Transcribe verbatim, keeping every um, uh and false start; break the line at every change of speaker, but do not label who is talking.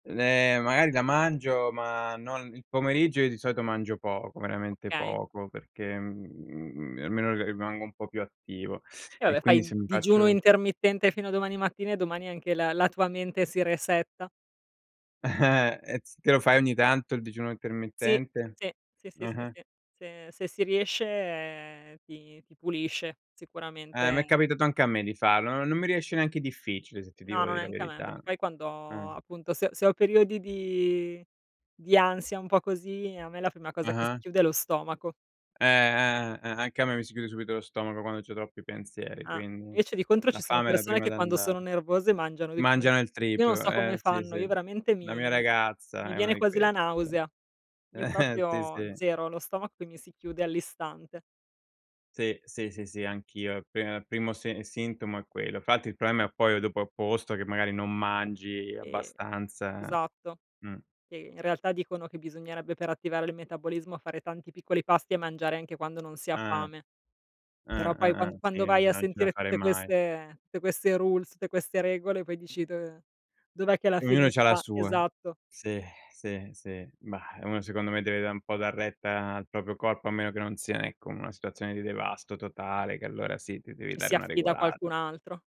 N ehm, magari la mangio, ma no il pomeriggio, io di solito mangio poco, veramente
Okay.
poco, perché, mhmm, m almeno rimango un po' più attivo.
E
E
vabbè
quindi
fai
se mi
digiuno
faccio
intermittente fino a domani mattina e domani anche la la tua mente si resetta.
Eh. E ts te lo fai ogni tanto il digiuno
Sì,
intermittente?
sì, sì, sì,
Mh-mh.
sì. Se se si riesce, ehm, ti ti pulisce
Eh, m'è
sicuramente
capitato anche a me di farlo. N non mi riesce neanche difficile se ti
No,
devo
no
dire la
neanche a me,
verità.
perché poi quando
Mh.
appunto se se ho periodi di di ansia un po' così a me la prima cosa che si
Ah-ah.
chiude è lo stomaco.
Eh, eh, eh, anche a me mi si chiude subito lo stomaco quando c'ho troppi pensieri,
Ah.
quindi
Invece di contro
la
ci sono
fame è la
persone
prima
che
ad
quando
andare
sono nervose mangiano di più.
Mangiano il
Io non
triplo,
so
eh,
come
sì,
fanno,
sì.
io veramente
La mia
mi mi
ragazza
mi
è una
viene
di
quasi la
queste, sì.
nausea. Io
Sì,
proprio
sì.
zero, lo stomaco mi si chiude all'istante.
Sì, sì, sì, sì, anch'io. Al p primo se sintomo è quello. Fatti il problema poi dopo è opposto, che magari non mangi
Eh,
abbastanza.
esatto,
Mh.
che in realtà dicono che bisognerebbe, per attivare il metabolismo, fare tanti piccoli pasti e mangiare anche quando non si ha
Ah.
fame. Però
Ah,
poi
ah,
qua
ah. Sì
quando vai
immagino,
a
non ce la
sentire
farei
tutte
mai.
queste tutte queste rules, tutte queste regole, poi dici: "Do dov'è che alla
Ognuno
fine
c'ha la
sta"
sua.
esatto.
Sì, sì, sì. Mah, uno secondo me deve da' un po' retta al propio corpo, a meno che non sia, ecco, una situazione di devasto totale, che allora sì, ti devi
Ci si
dare una
affida a
regolata.
qualcun altro.